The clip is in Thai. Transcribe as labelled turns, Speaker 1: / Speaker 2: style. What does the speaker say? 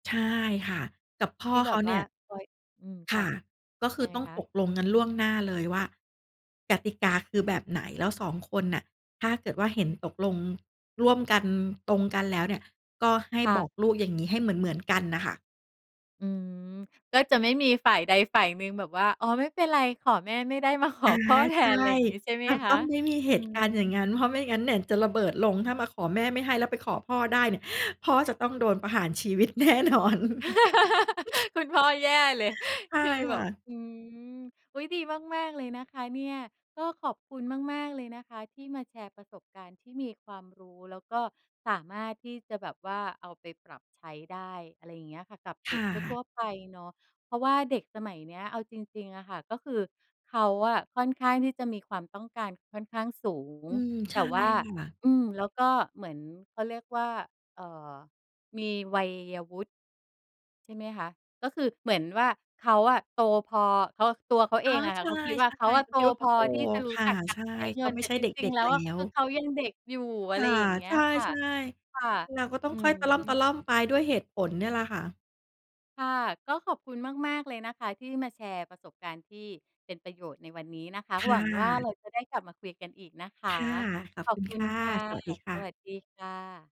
Speaker 1: ใช่ค่ะ กับพ่
Speaker 2: ท
Speaker 1: อ
Speaker 2: ี่แ
Speaker 1: เ
Speaker 2: บ
Speaker 1: ขา
Speaker 2: บ
Speaker 1: เ
Speaker 2: ว
Speaker 1: น
Speaker 2: ่
Speaker 1: ี่
Speaker 2: า
Speaker 1: ย
Speaker 2: คอย อืม
Speaker 1: ค
Speaker 2: ค่
Speaker 1: ่
Speaker 2: ะ
Speaker 1: ะ ก็คื
Speaker 2: ยั
Speaker 1: อ
Speaker 2: งไง
Speaker 1: ต้อง
Speaker 2: คะ?
Speaker 1: ตกลงกันล่วงหน้าเลยว่า กติกาคือแบบไหน แล้ว 2 คนน่ะ ถ้าเกิดว่า เห็น ตกลงร่วมกัน ตรงกันแล้วเนี่ย ก็ให้
Speaker 2: ค่
Speaker 1: บอก
Speaker 2: ะ
Speaker 1: ลูกอย่างงี้ ให้เหมือน ๆ กันน่ะค่ะ
Speaker 2: อืม ก็จะไม่มีฝ่ายใดฝ่ายหนึ่งแบบว่า "อ๋อ ไม่เป็นไร ขอแม่ไม่ได้ มาข
Speaker 1: อ
Speaker 2: อ
Speaker 1: า
Speaker 2: พ่อแท
Speaker 1: ใช่
Speaker 2: น" ไรงี้ ใช่ไหม
Speaker 1: อ้าว
Speaker 2: ค
Speaker 1: ต
Speaker 2: ะ?
Speaker 1: ้องไม่มีเห
Speaker 2: อื
Speaker 1: ตุการณ์อย่าง
Speaker 2: ม
Speaker 1: งั้น เพราะไม่งั้นเนี่ยจะระเบิดลง ถ้ามาขอแม่ไม่ให้แล้วไปขอพ่อได้เนี่ย พ่อจะต้องโดนประหารชีวิต แน่นอน
Speaker 2: คุณพ่อแย่เลย
Speaker 1: ใช่
Speaker 2: คือแ
Speaker 1: ค
Speaker 2: บ
Speaker 1: ่
Speaker 2: บ
Speaker 1: ะ
Speaker 2: อืม อุ๊ย ดีมาก ๆ เลยนะคะเนี่ย ก็ขอบคุณมาก ๆ เลยนะคะที่มาแชร์ประสบการณ์ที่มีความรู้ แล้วก็สามารถที่จะแบบว่าเอาไปปรับใช้ได้ อะไรอย่างเงี้ยค่ะ กับเ
Speaker 1: ค
Speaker 2: ด็
Speaker 1: ่
Speaker 2: กท
Speaker 1: ะ
Speaker 2: ั่ว ๆ ไปเนาะ เพราะว่าเด็กสมัยเนี้ยเอาจริง ๆ อะค่ะ ก็คือเขาอะค่อนข้างที่จะมีความต้องการค่อนข้างสูง
Speaker 1: อืม ใ
Speaker 2: แ
Speaker 1: ช
Speaker 2: ต่
Speaker 1: ่
Speaker 2: ว่า
Speaker 1: ค่ะ
Speaker 2: อืม แล้วก็เหมือน เขาเรียกว่า เอ่อ มีวัยวุฒิ ใช่ไหมคะ ก็คือเหมือนว่า เขาอะโตพอ เขา ตัวเขา
Speaker 1: อ
Speaker 2: เอ
Speaker 1: ๋อ
Speaker 2: งอะค
Speaker 1: ใช
Speaker 2: ่ะ
Speaker 1: ่
Speaker 2: เขาคิด
Speaker 1: ๆ
Speaker 2: ว่า เขาอะ
Speaker 1: เข
Speaker 2: โต
Speaker 1: าคิดว่า เข
Speaker 2: พ
Speaker 1: า
Speaker 2: อ
Speaker 1: โต
Speaker 2: ที่จะรู
Speaker 1: ค
Speaker 2: ้
Speaker 1: ่
Speaker 2: จ
Speaker 1: ะ
Speaker 2: ักกา
Speaker 1: ใช
Speaker 2: ร
Speaker 1: ่
Speaker 2: ใช้
Speaker 1: เ
Speaker 2: เ
Speaker 1: ข
Speaker 2: งิ
Speaker 1: า
Speaker 2: น
Speaker 1: ไ
Speaker 2: แ
Speaker 1: ม่
Speaker 2: ต่
Speaker 1: ใช่
Speaker 2: จ
Speaker 1: เด
Speaker 2: ริง
Speaker 1: ็
Speaker 2: ๆ
Speaker 1: ก
Speaker 2: แล้
Speaker 1: ๆ แ
Speaker 2: ว
Speaker 1: ล้
Speaker 2: อะคือ
Speaker 1: ว
Speaker 2: เขายังเด็กอยู่ อ
Speaker 1: ค
Speaker 2: ะไร
Speaker 1: ่ะ
Speaker 2: อย่างเงี้
Speaker 1: ใ
Speaker 2: ย
Speaker 1: ช่
Speaker 2: ค่ะ ค่ะ
Speaker 1: ๆ เราก็ต้อ
Speaker 2: อื
Speaker 1: งค่อยตะล
Speaker 2: ม
Speaker 1: ่อม ๆ ไป ด้วยเหตุผลเนี่ยแหละค่ะ
Speaker 2: ค่ะ ก็ขอบคุณมาก ๆ เลยนะคะ ที่มาแชร์ประสบการณ์ที่เป็นประโยชน์ในวันนี้นะคะ
Speaker 1: ค่
Speaker 2: หวังว่า
Speaker 1: ะ
Speaker 2: เราจะได้กลับมาคุยกันอีกนะคะ
Speaker 1: ค่ะ ขอ
Speaker 2: ข
Speaker 1: บ
Speaker 2: อ
Speaker 1: ค
Speaker 2: บ
Speaker 1: ุณ
Speaker 2: คุ
Speaker 1: ค
Speaker 2: ณ
Speaker 1: ่ะ
Speaker 2: ค่ะ
Speaker 1: สวัสดีค
Speaker 2: ส
Speaker 1: ่ะ
Speaker 2: วัสดีค่ะ